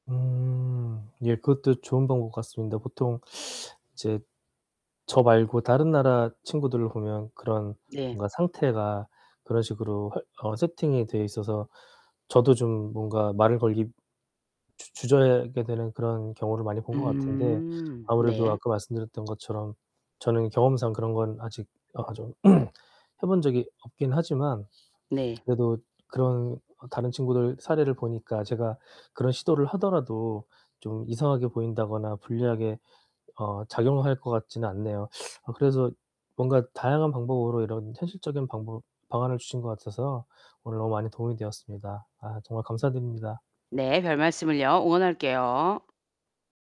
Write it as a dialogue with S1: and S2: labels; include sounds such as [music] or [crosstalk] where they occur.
S1: 음 예. 그것도 좋은 방법 같습니다. 보통 이제 저 말고 다른 나라 친구들을 보면 그런
S2: 네.
S1: 뭔가 상태가 그런 식으로 화 어 세팅이 돼 있어서 저도 좀 뭔가 말을 걸기 주 주저하게 되는 그런 경우를 많이 본 것 같은데
S2: 음
S1: 아무래도
S2: 네.
S1: 아까 말씀드렸던 것처럼 저는 경험상 그런 건 아직 아 좀 [clears throat] 해 본 적이 없긴 하지만
S2: 네.
S1: 그래도 그런 다른 친구들 사례를 보니까 제가 그런 시도를 하더라도 좀 이상하게 보인다거나 불리하게 어 작용을 할 것 같지는 않네요. 아 그래서 뭔가 다양한 방법으로 이런 현실적인 방법 방안을 주신 것 같아서요 오늘 너무 많이 도움이 되었습니다. 아 정말 감사드립니다.
S2: 네, 별말씀을요. 응원할게요.